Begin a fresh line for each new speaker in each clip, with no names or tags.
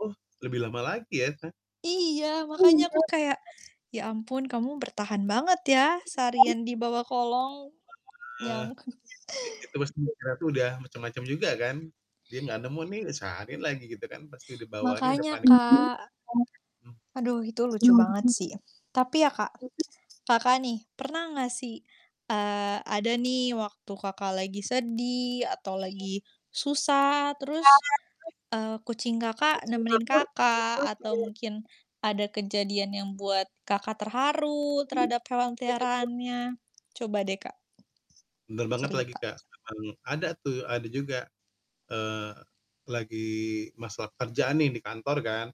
Oh, lebih lama lagi ya, Kak?
Iya, makanya aku kayak, "Ya ampun, kamu bertahan banget ya seharian di bawah kolong."
Eh,
Nyangkut.
i itu pasti mikirnya tuh udah macam-macam juga kan, dia enggak nemu nih, udah seharian lagi gitu kan, pasti di bawahnya udah
Makanya,
panik.
Kak. Aduh itu lucu banget
Mmm.
sih. Tapi ya Kak, Kakak nih, pernah enggak sih, eee, ada nih waktu Kakak lagi sedih, atau lagi susah, terus, eee, kucing Kakak nemenin Kakak atau mungkin ada kejadian yang buat Kakak terharu terhadap hewan peliharaannya? Coba deh, Kak
Bener banget lagi,
cerita.
Kak, emang ada tuh, ada juga, eee, lagi masalah pekerjaan nih di kantor kan,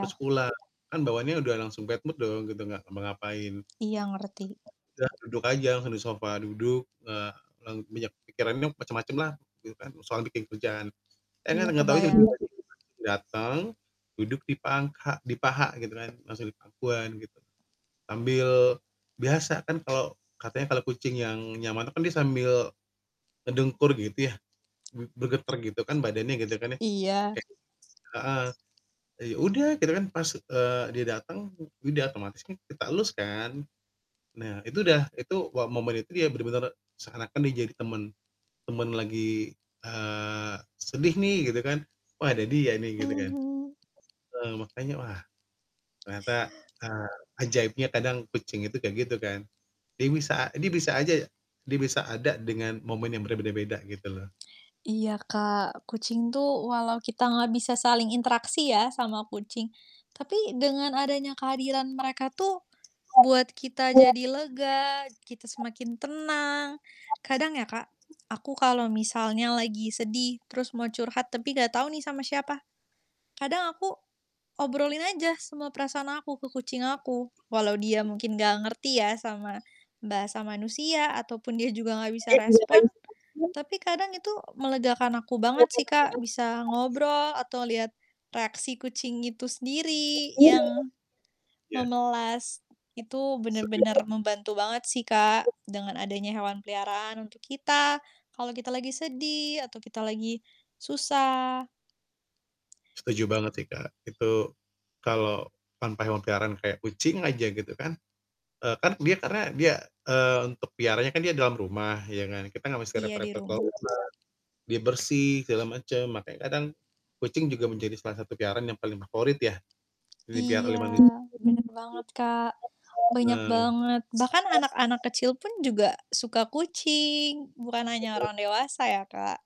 terus pulang, kan bawaannya udah langsung bad mood dong gitu enggak ngapa-ngapain.
Iya, ngerti.
Udah, duduk aja langsung di sofa, duduk, eee, lang banyak pikirannya macam-macam lah gitu kan, soal bikin kerjaan, eh
Iya,
enggak tahunya itu
kebayang.
dateng, duduk di pangha di paha gitu kan, langsung di pangkuan gitu, sambil biasa kan kalau katanya kalau kucing yang nyaman tuh kan dia sambil ngedengkur gitu ya, b bergetar gitu kan badannya gitu kan ya,
Iya.
kayak heeh, eee, ya udah, kita kan pas, eee, dia dateng, e ya udah, otomatis kan kita elus kan. Nah, itu udah itu wah momen itu dia benar-benar seakan-akan dia jadi teman, teman lagi, eee, sedih nih gitu kan, wah ada dia nih gitu
Mmm.
kan.
Mhm.
Heeh, makanya wah, ternyata, eee, ajaibnya kadang kucing itu kayak gitu kan, dia bisa dia bisa aja ya dia bisa ada dengan momen yang berbeda-beda, gitu loh
Iya,
Iya.
Kak, kucing tuh walau kita enggak bisa saling interaksi ya sama kucing, tapi dengan adanya kehadiran mereka tuh buat kita jadi lega, kita semakin tenang. Kadang ya Kak, aku kalau misalnya lagi sedih terus mau curhat tapi enggak tahu nih sama siapa, kadang aku obrolin aja semua perasaan aku ke kucing aku, walau dia mungkin enggak ngerti ya sama bahasa manusia ataupun dia juga enggak bisa respon, tapi kadang itu melegakan aku banget sih Kak, bisa ngobrol atau lihat reaksi kucing itu sendiri yang
Iya.
memelas, itu
Sedih
benar-benar
banget.
membantu banget sih Kak, dengan adanya hewan peliharaan untuk kita kalau kita lagi sedih atau kita lagi susah.
Setuju banget sih, Kak, itu kalau tanpa hewan peliharaan kayak kucing aja gitu kan, eee, kan dia karena dia, eee, untuk peliharanya kan dia dalam rumah ya kan, kita enggak mesti
Iya, di
repot-repot ke luar
rumah.
rumah, dia bersih, segala macam, makanya kadang kucing juga menjadi salah satu peliharaan yang paling favorit ya, yang diperlihara
Iya,
oleh manusia.
benar banget, Kak, banyak
Nah.
banget, bahkan anak-anak kecil pun juga suka kucing, bukan hanya
Bener.
orang dewasa ya, Kak?